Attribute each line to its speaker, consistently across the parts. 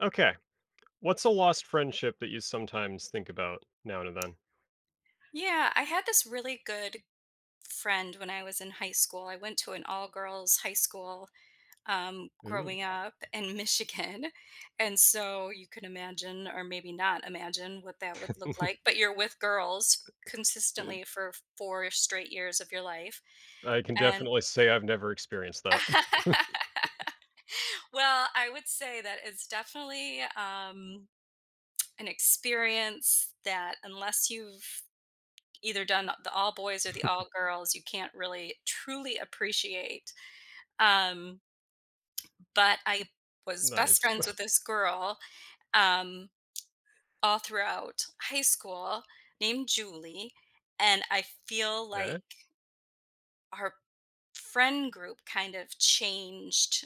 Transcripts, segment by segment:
Speaker 1: Okay, what's a lost friendship that you sometimes think about now and then?
Speaker 2: Yeah, I had this really good friend when I was in high school. I went to an all-girls high school, um,
Speaker 1: Ooh.
Speaker 2: growing up in Michigan and so you could imagine or maybe not imagine what that would look like, but you're with girls
Speaker 1: Eh
Speaker 2: consistently for 4 straight years of your life,
Speaker 1: I can
Speaker 2: and
Speaker 1: definitely say I've never experienced that.
Speaker 2: Well, I would say that it's definitely um, an experience that unless you've either done th the all-boys or the all-girls, you can't really truly appreciate, um but I was best
Speaker 1: Nice.
Speaker 2: friends with this girl, um, all throughout high school named Julie, and I feel
Speaker 1: 'Kay.
Speaker 2: like her friend group kind of changed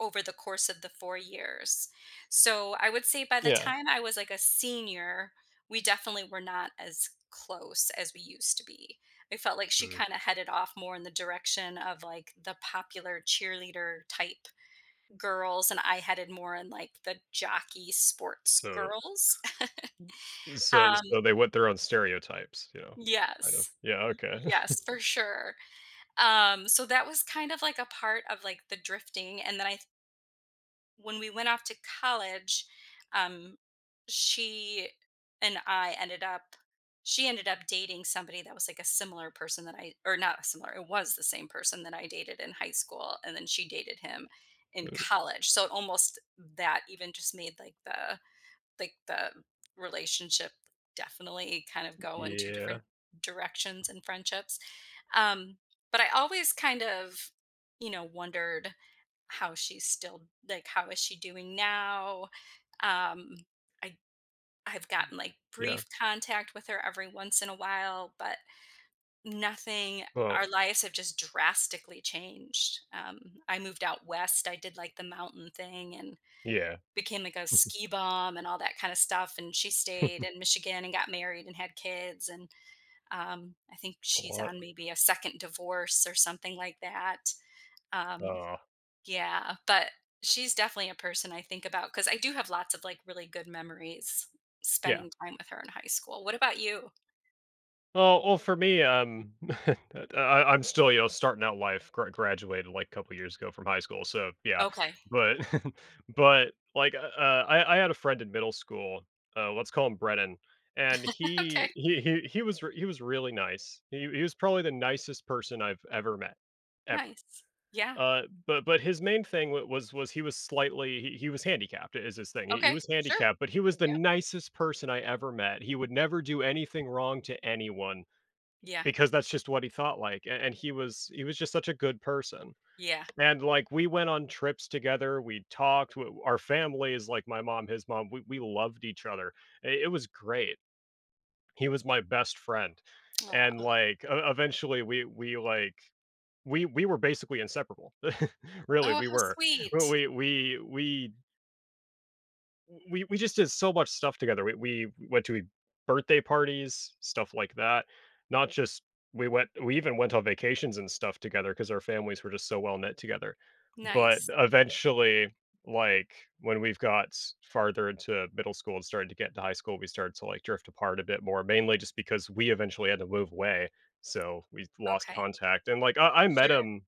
Speaker 2: over the course of the 4 years, so I would say by the
Speaker 1: Yeah.
Speaker 2: time I was, like, a senior, we definitely were not as close as we used to be. I felt like she
Speaker 1: Mm.
Speaker 2: kinda headed off more in the direction of, like, the popular cheerleader type girls, and I headed more in, like, the jockey sports
Speaker 1: So
Speaker 2: girls,
Speaker 1: so
Speaker 2: um
Speaker 1: so they want their own stereotypes, you know? Kind of,
Speaker 2: Yes,
Speaker 1: yeah
Speaker 2: y
Speaker 1: okay.
Speaker 2: yes, for sure, um, so that was kind of like, a part of like, the drifting, and then I when we went off to college, um, she and I ended up she ended up dating somebody that was, like, a similar person that I or not similar, it was the same person that I dated in high school, and then she dated him in
Speaker 1: Ooh.
Speaker 2: college, so almost that even just made like the like the relationship definitely kind of go in 2
Speaker 1: Yeah.
Speaker 2: different directions and friendships, um, but I always kind of, you know, wondered how she's still like, how is she doing now? Um, I I've gotten like,
Speaker 1: Yeah.
Speaker 2: brief contact with her every once in a while, but nothing
Speaker 1: Well
Speaker 2: our lives have just drastically changed, um, I moved out west, I did like the mountain thing and
Speaker 1: Yeah.
Speaker 2: became like, a ski bum and all that kind of stuff, and she stayed in Michigan and got married and had kids, and, um, I think
Speaker 1: A
Speaker 2: she's
Speaker 1: lot.
Speaker 2: on maybe a 2nd divorce or something like that, um,
Speaker 1: Aw.
Speaker 2: yeah, but she's definitely a person I think about, 'cause I do have lots of like, really good memories
Speaker 1: Yeah.
Speaker 2: spending time with her in high school what about you?
Speaker 1: Well oh, for me, um, th I I'm still, you know, starting out life- gr graduated, like, couple years ago from high school, so yeah.
Speaker 2: Okay.
Speaker 1: But but, like, u uh, I I had a friend in middle school, uh, let's call him Brennan, and he
Speaker 2: Okay.
Speaker 1: he he he wa he was really nice. He he was probably the nicest person I've ever met ever.
Speaker 2: Nice. Yeah.
Speaker 1: Uh, but but his main thing w was was he was slightly he he was handicapped i is his thing. He he
Speaker 2: Okay.
Speaker 1: was
Speaker 2: Sure.
Speaker 1: handicapped, but he was the
Speaker 2: Yep.
Speaker 1: nicest person I ever met, he would never do anything wrong to anyone
Speaker 2: Yeah.
Speaker 1: because that's just what he thought like, a and he was he was just such a good person.
Speaker 2: Yeah.
Speaker 1: And, like, we went on trips together, we talked, w our family is like my mom, his mom- we we loved each other. I It was great. He was my best friend. And,
Speaker 2: Aw.
Speaker 1: like, e e eventually, we we, like we we were basically inseparable. Really,
Speaker 2: Oh,
Speaker 1: we
Speaker 2: how
Speaker 1: were. W
Speaker 2: sweet.
Speaker 1: we we we w we we just did so much stuff together. We we went to, eh, birthday parties, stuff like that. Not just we went we even went on vacations and stuff together 'cause our families were just so well-knit together. But,
Speaker 2: Nice.
Speaker 1: eventually, like, when we've got farther into middle school and started to get to high school, we started to, like, drift apart a bit more mainly just because we eventually had to move away, so, we'd lost
Speaker 2: Okay.
Speaker 1: contact. And, like, I I met
Speaker 2: Sure.
Speaker 1: him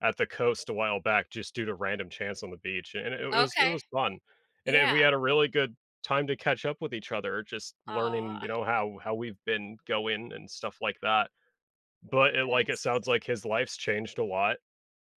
Speaker 1: at the coast a while back just due to random chance on the beach, and i i it it was it
Speaker 2: Okay.
Speaker 1: was fun. And then
Speaker 2: Yeah.
Speaker 1: we had a really good time to catch up with each other, just learning, you
Speaker 2: Aw.
Speaker 1: know, how how we've been going and stuff like that, but it
Speaker 2: That
Speaker 1: like, it
Speaker 2: is
Speaker 1: sounds
Speaker 2: sweet.
Speaker 1: like his life's changed a lot.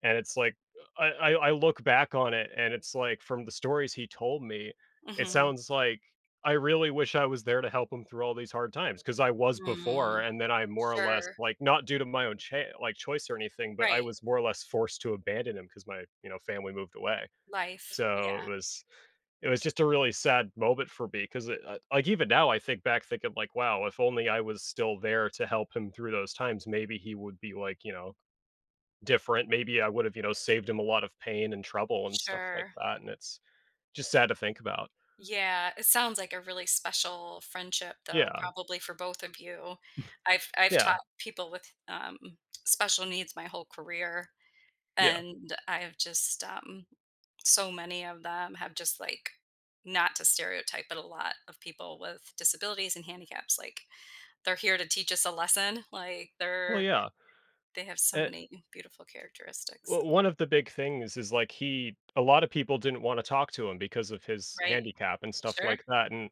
Speaker 1: And it's like, I I I look back on it, and it's like, from the stories he told me, it
Speaker 2: Mhm.
Speaker 1: sounds like I really wish I was there to help him through all these hard times 'cause I was before,
Speaker 2: Mm.
Speaker 1: and then I more or less
Speaker 2: Sure.
Speaker 1: like, not due to my own, like, cha choice or anything, but I
Speaker 2: Right.
Speaker 1: was more or less forced abandon him 'cause my, you know, family moved away.
Speaker 2: Life.
Speaker 1: So, it
Speaker 2: Yeah.
Speaker 1: was it was just a really sad moment for me 'cause i it like, even now, I think back thinking like, "Wow if only I was still there to help him through those times, maybe he would be," like, you know, "different." Maybe I would've, you know, saved him a lot of pain and trouble and stuff like
Speaker 2: Sure.
Speaker 1: that, and it's just sad to think about.
Speaker 2: Yeah. It sounds like a really special friendship, though,
Speaker 1: Yeah.
Speaker 2: probably for both of you. I've I've
Speaker 1: Yeah.
Speaker 2: taught people with, um, special needs my whole career,
Speaker 1: Yeah.
Speaker 2: and I have just, um so many of them have just, like not to stereotype, but a lot of people with disabilities and handicaps, like, they're here to teach us a lesson. Like,
Speaker 1: Well,
Speaker 2: they're
Speaker 1: yeah.
Speaker 2: they have so
Speaker 1: An
Speaker 2: many beautiful characteristics
Speaker 1: Well
Speaker 2: and
Speaker 1: 1 of the big things is, like, he a lotta people didn't wanna talk to him because of his
Speaker 2: Right.
Speaker 1: handicap and stuff
Speaker 2: Sure.
Speaker 1: like that, and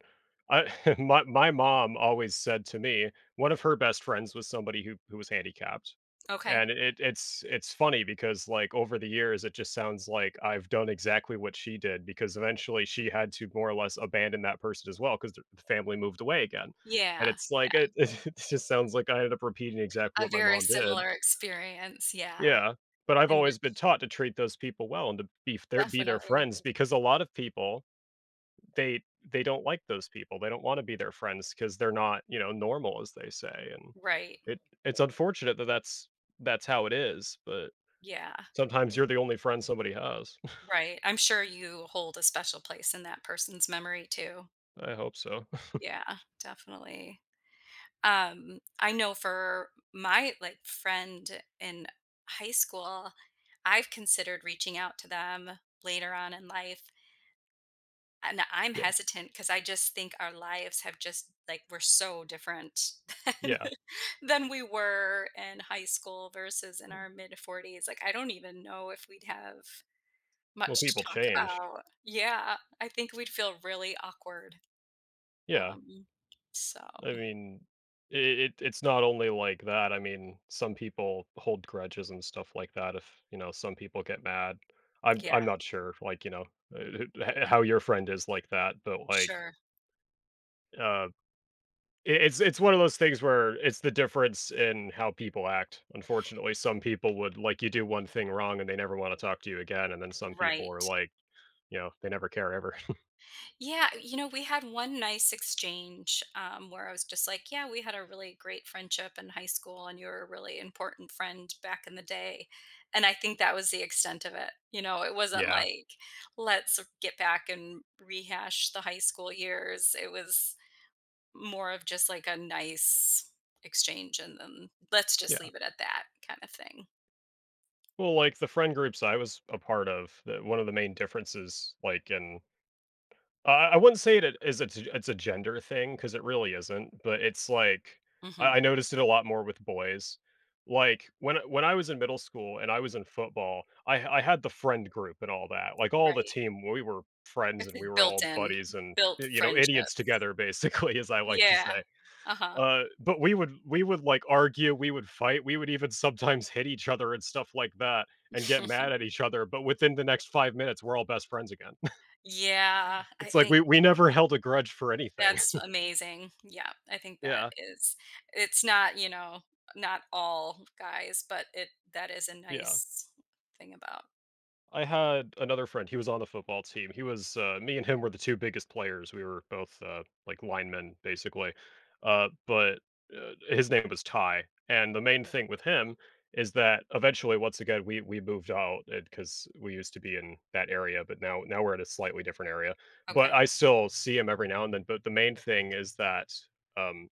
Speaker 1: I my my mom always said to me, 1 of her best friends was somebody who who was handicapped.
Speaker 2: Okay.
Speaker 1: And i i it's it's funny because, like, over the years, it just sounds like I've done exactly what she did because eventually she had to, more or less, abandon that person as well, 'cause the f family moved away again. And
Speaker 2: Yeah.
Speaker 1: it's like
Speaker 2: Yeah.
Speaker 1: it it just sounds like I ended up repeating exactly
Speaker 2: A
Speaker 1: what my
Speaker 2: very
Speaker 1: mom did.
Speaker 2: similar experience, yeah.
Speaker 1: Yeah. But I've
Speaker 2: And
Speaker 1: always been
Speaker 2: it's
Speaker 1: taught to treat those people well and to be their f be their
Speaker 2: Definitely.
Speaker 1: friends because a lot of people, they they don't like those people, they don't wanna be their friends 'cause they're not, you know, "normal," as they say and
Speaker 2: Right.
Speaker 1: it it's unfortunate that that's that's how it is, but
Speaker 2: Yeah.
Speaker 1: sometimes you're the only friend somebody has.
Speaker 2: Right. I'm sure you hold a special place in that person's memory too.
Speaker 1: I hope so.
Speaker 2: Yeah. Definitely. Um, I know for my, like, friend in high school, I've considered reaching out to them later on in life. And I'm
Speaker 1: Yeah.
Speaker 2: hesitant 'cause I just think our lives have just like, we're so different
Speaker 1: Yeah.
Speaker 2: than we were in high school versus in our mid-forties. Like, I don't even know if we'd have
Speaker 1: Well,
Speaker 2: much
Speaker 1: people
Speaker 2: to talk
Speaker 1: change.
Speaker 2: about. Yeah. I think we'd feel really awkward.
Speaker 1: Yeah.
Speaker 2: Um, so,
Speaker 1: I
Speaker 2: mm.
Speaker 1: mean, i i it it's not only like that. I mean, some people hold grudges and stuff like that if, you know, some people get mad. I'm
Speaker 2: Yeah.
Speaker 1: I'm not sure, like, you know, e eh he eh how your friend is like that, but, like
Speaker 2: Sure.
Speaker 1: uh, i it's it's one of those things where it's the difference in how people act. Unfortunately, some people would, like you do 1 thing wrong, and they never wanna talk to you again. And then some people are
Speaker 2: Right.
Speaker 1: like, you know, they never care ever.
Speaker 2: Yeah. Y you know, we had 1 nice exchange, um, where I was just like, "Yeah. We had a really great friendship in high school, and you're a really important friend, back in the day." And I think that was the extent of it. You know? It wasn't
Speaker 1: Yeah.
Speaker 2: like, "Let's get back and rehash the high school years." It was more of just, like, a nice exchange and and let's just
Speaker 1: Yeah.
Speaker 2: leave it at that, kinda thing.
Speaker 1: Well, like, the friend groups I was a part of, the one of the main differences, like in uh, I wouldn't say it it is a t it's a gender thing 'cause it really isn't, but it's like,
Speaker 2: Mhm.
Speaker 1: I I noticed it a lot more with boys, like when a when I was in middle school and I was in football, I I had the friend group and all that, like all the
Speaker 2: Right.
Speaker 1: team, we were friends,
Speaker 2: It's
Speaker 1: and we
Speaker 2: a
Speaker 1: were
Speaker 2: built
Speaker 1: all
Speaker 2: in
Speaker 1: buddies and,
Speaker 2: built
Speaker 1: y you know, idiots
Speaker 2: friendships.
Speaker 1: together, basically, as I like to
Speaker 2: Yeah,
Speaker 1: say,
Speaker 2: uh-huh.
Speaker 1: uh, but we would we would like, argue, we would fight, we would even sometimes hit each other and stuff like that and get mad at each other, but within the next 5 minutes, we're all best friends again.
Speaker 2: Yeah, I
Speaker 1: It's like
Speaker 2: thin
Speaker 1: we we never held a grudge for anything.
Speaker 2: That's amazing, yeah, I think that
Speaker 1: Yeah.
Speaker 2: is it's not, you know, not all guys, but it that is a
Speaker 1: Yeah.
Speaker 2: nice thing about
Speaker 1: I had another friend, he was on the football team, he was uh me and him were the 2 biggest players, we were both, uh, like linemen, basically, uh, but, uh his name was Ty, and the main thing with him is that, eventually, once again, we we moved out and 'cause we used to be in that area, but now now we're in a slightly different area, but
Speaker 2: Okay.
Speaker 1: I still see him every now and then, but the main thing is that um,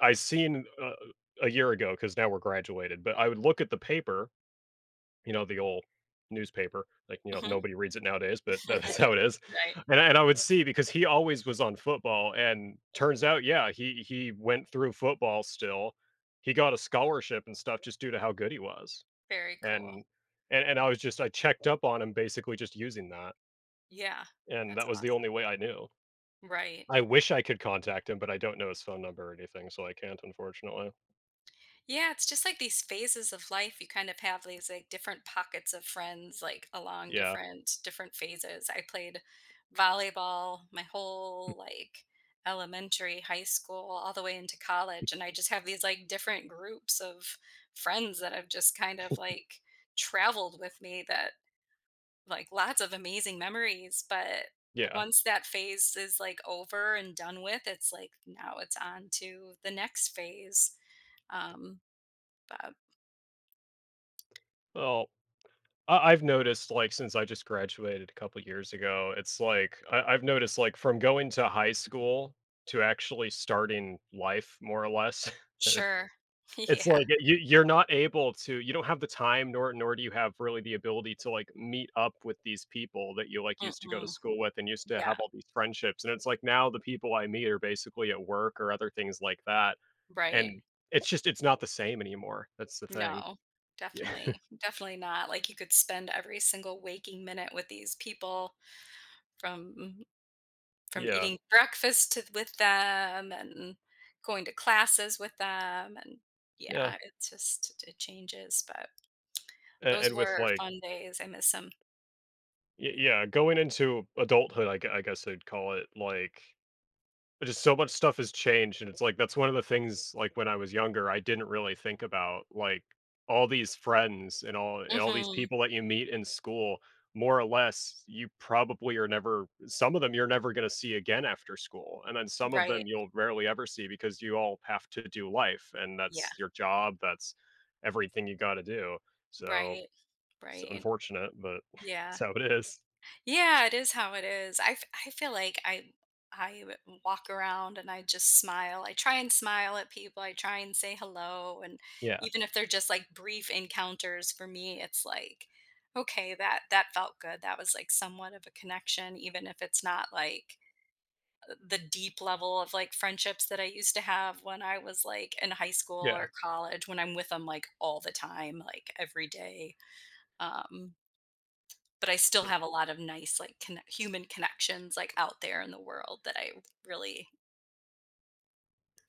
Speaker 1: I seen a a year ago 'cause now we're graduated, but I would look at the paper, you know, the ol' newspaper, like, you know,
Speaker 2: Mhm.
Speaker 1: nobody reads it nowadays, but that's how it is,
Speaker 2: Right.
Speaker 1: and I and I would see because he always was on football and turns out, yeah, he he went through football still, he got a scholarship and stuff just due to how good he was,
Speaker 2: Very
Speaker 1: and
Speaker 2: cool.
Speaker 1: and and I was just I checked up on him basically just using that
Speaker 2: Yeah,
Speaker 1: and
Speaker 2: that's
Speaker 1: that was the
Speaker 2: awesome.
Speaker 1: only way I knew.
Speaker 2: Right.
Speaker 1: I wish I could contact him, but I don't know his phone number or anything, so I can't, unfortunately.
Speaker 2: Yeah. It's just like these phases of life. You kind of have these, like, different pockets of friends, like, along
Speaker 1: Yeah.
Speaker 2: different different phases. I played volleyball my whole, like, elementary, high school, all the way into college. And I just have these, like, different groups of friends that have just kind of, like, traveled with me that like, lots of amazing memories. But,
Speaker 1: Yeah.
Speaker 2: once that phase is, like, over and done with, it's like, now it's on to the next phase. Um, bub
Speaker 1: Well, I I've noticed, like, since I just graduated a couple years ago, it's like I I've noticed, like, from going to high school to actually starting life more or less, it
Speaker 2: Sure.
Speaker 1: it's
Speaker 2: Yeah.
Speaker 1: like i you you're not able to you don't have the time, nor nor do you have, really, the ability to, like, meet up with these people that you, like, used to go to
Speaker 2: Mm-mm.
Speaker 1: school with and used to
Speaker 2: Yeah.
Speaker 1: have all these friendships. And it's like now the people I meet are basically at work or other things like that,
Speaker 2: Right.
Speaker 1: and it's just it's not the same anymore. That's the thing.
Speaker 2: No.
Speaker 1: Yeah.
Speaker 2: Definitely. Definitely not. Like, you could spend every single waking minute with these people from m from
Speaker 1: Yeah.
Speaker 2: eating breakfast to with them, and going to classes with them. And,
Speaker 1: Yeah.
Speaker 2: yeah, it just it changes, but
Speaker 1: A
Speaker 2: those
Speaker 1: and with,
Speaker 2: were
Speaker 1: like
Speaker 2: fun days. I miss 'em.
Speaker 1: Y yeah. Going into adulthood, I gue I guess I'd call it, like, i just so much stuff has changed, and it's, like, that's one of the things, like, when I was younger, I didn't really think about. Like, all these friends and all and all these
Speaker 2: Mhm.
Speaker 1: people that you meet in school, more or less, you probably are never some of them, you're never gonna see again after school. And then some of
Speaker 2: Right.
Speaker 1: them, you'll rarely ever see because you all have to do life, and
Speaker 2: Yeah.
Speaker 1: that's your job. That's everything you gotta do, so
Speaker 2: Right.
Speaker 1: so, it's
Speaker 2: Right.
Speaker 1: unfortunate, but it's
Speaker 2: Yeah.
Speaker 1: how it is.
Speaker 2: Yeah. It is how it is. I f I feel like I I w walk around and I just smile. I try and smile at people. I try and say hello. And
Speaker 1: Yeah.
Speaker 2: even if they're just, like, brief encounters for me, it's like, "Okay. That that felt good." That was, like, somewhat of a connection even if it's not, like, uh, the deep level of, like, friendships that I used to have when I was, like, in high school
Speaker 1: Yeah.
Speaker 2: or college when I'm with 'em, like, all the time, like, every day. Um. But I still
Speaker 1: B
Speaker 2: have a lot of nice like, connec human connections, like, out there in the world that I really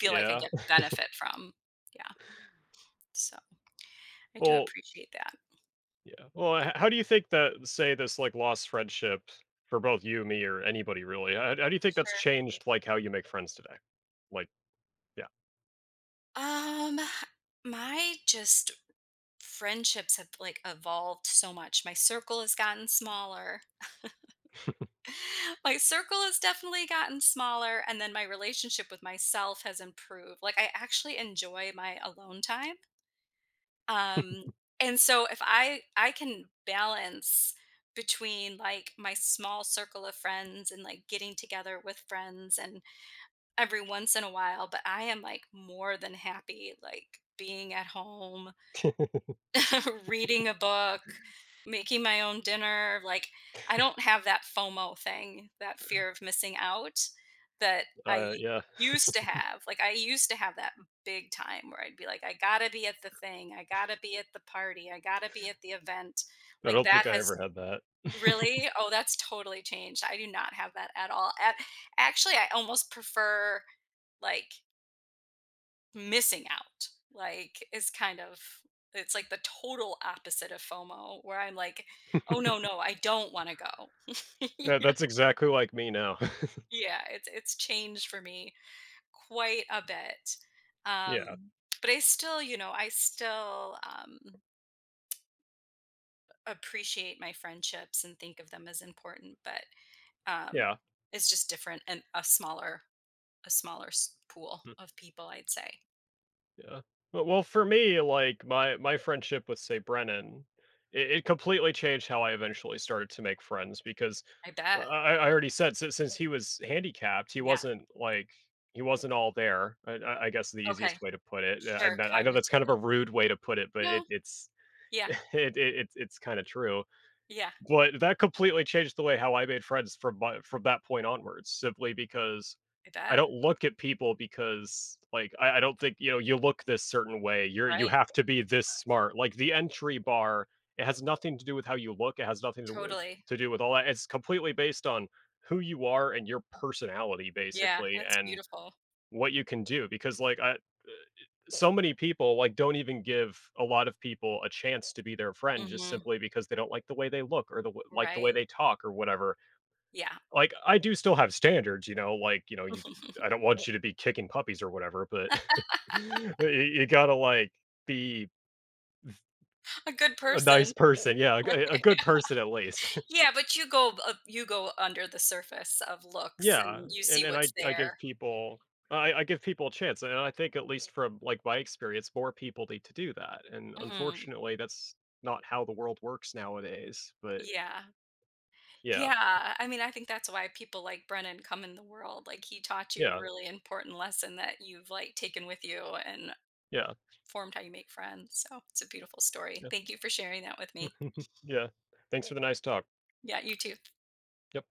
Speaker 2: feel like I
Speaker 1: Yeah.
Speaker 2: get benefit from, yeah, so, I do
Speaker 1: Well
Speaker 2: appreciate that.
Speaker 1: yeah, well h h how do you think that, say, this, like, lost friendships for- both you, me, or anybody really- how how do you think that's
Speaker 2: Sure.
Speaker 1: changed, like, how you make friends today? Like, yeah.
Speaker 2: Um, my just friendships have like, evolved so much, my circle has gotten smaller. My circle has definitely gotten smaller, and then my relationship with myself has improved, like, I actually enjoy my alone time. Um, and so if I I can balance between, like, my small circle of friends and, like, getting together with friends and every once in a while, but I am, like, more than happy, like, being at home reading a book, making my own dinner, like, I don't have that FOMO thing, that fear of missing out that I
Speaker 1: Uh,
Speaker 2: u
Speaker 1: yeah.
Speaker 2: used to have, like, I used to have that big time where I'd be like, "I gotta be at the thing, I gotta be at the party, I gotta be at the event."
Speaker 1: I
Speaker 2: Like,
Speaker 1: don't
Speaker 2: that
Speaker 1: think I ever
Speaker 2: has
Speaker 1: had that.
Speaker 2: Really? Oh, that's totally changed, I do not have that at all a actually, I almost prefer, like missing out, like, it's kind of it's like the total opposite of FOMO where I'm like, "Oh, no, no, I don't wanna go,"
Speaker 1: Yeah,
Speaker 2: you know?
Speaker 1: that's exactly like me now.
Speaker 2: Yeah, it's it's changed for me quite a bit,
Speaker 1: Yeah.
Speaker 2: um, but I still, you know I still, um appreciate my friendships and think of them as important, but, um,
Speaker 1: Yeah.
Speaker 2: it's just different and a smaller a smaller s pool
Speaker 1: Mm.
Speaker 2: of people, I'd say.
Speaker 1: Yeah. Well well, for me, like, my my friendship with, say, Brennan, it it completely changed how I, eventually, started to make friends because
Speaker 2: I
Speaker 1: I
Speaker 2: bet.
Speaker 1: I I already said since since he was handicapped, he
Speaker 2: Yeah.
Speaker 1: wasn't, like, he wasn't all there. I I I guess the
Speaker 2: Okay.
Speaker 1: easiest way to put it, yeah,
Speaker 2: Sure,
Speaker 1: and I know I know that's kind of a
Speaker 2: cognitively.
Speaker 1: rude way to put it, but
Speaker 2: No.
Speaker 1: it it's
Speaker 2: Yeah.
Speaker 1: it it's it's it's kinda true,
Speaker 2: Yeah.
Speaker 1: but that completely changed the way how I made friends from my from that point onwards, simply because
Speaker 2: I
Speaker 1: I
Speaker 2: bet.
Speaker 1: don't look at people because like, I I don't think, you know, you look this certain way, you're you
Speaker 2: Right.
Speaker 1: have to be this smart, like, the entry bar, it has nothing to do with how you look, it has nothing to do with
Speaker 2: Totally.
Speaker 1: to do with all that. It's completely based on who you are and your personality,
Speaker 2: Yeah,
Speaker 1: basically,
Speaker 2: that's
Speaker 1: and
Speaker 2: beautiful.
Speaker 1: what you can do, because, like, I, eh, eh so many people, like, don't even give a lot of people a chance to be their friend, just
Speaker 2: Mhm.
Speaker 1: simply because they don't like the way they look or the w like the way
Speaker 2: Right.
Speaker 1: they talk, or whatever,
Speaker 2: Yeah.
Speaker 1: like, I do still have standards, you know, like, you know, you you I don't want you to be kicking puppies, or whatever, but but you you gotta, like, be
Speaker 2: A good
Speaker 1: a nice
Speaker 2: person.
Speaker 1: person, yeah, a g a good person, at least.
Speaker 2: Yeah, but you go b you go under the surface of looks,
Speaker 1: Yeah,
Speaker 2: and you see
Speaker 1: and then I
Speaker 2: what's
Speaker 1: I give
Speaker 2: there.
Speaker 1: people I I I give people a chance, and I I think at least from, like, my experience, more people need to do that, and,
Speaker 2: Mhm.
Speaker 1: unfortunately, that's not how the world works nowadays, but
Speaker 2: Yeah.
Speaker 1: Yeah.
Speaker 2: Yeah, I I mean, I think that's why people like Brennan come in the world, like, he taught you a
Speaker 1: Yeah.
Speaker 2: really important lesson that you've, like, taken with you and
Speaker 1: Yeah.
Speaker 2: formed how you make friends, so it's a beautiful story.
Speaker 1: Yeah.
Speaker 2: Thank you for sharing that with me.
Speaker 1: Yeah, thanks for the nice talk.
Speaker 2: Yeah, you too.
Speaker 1: Yep.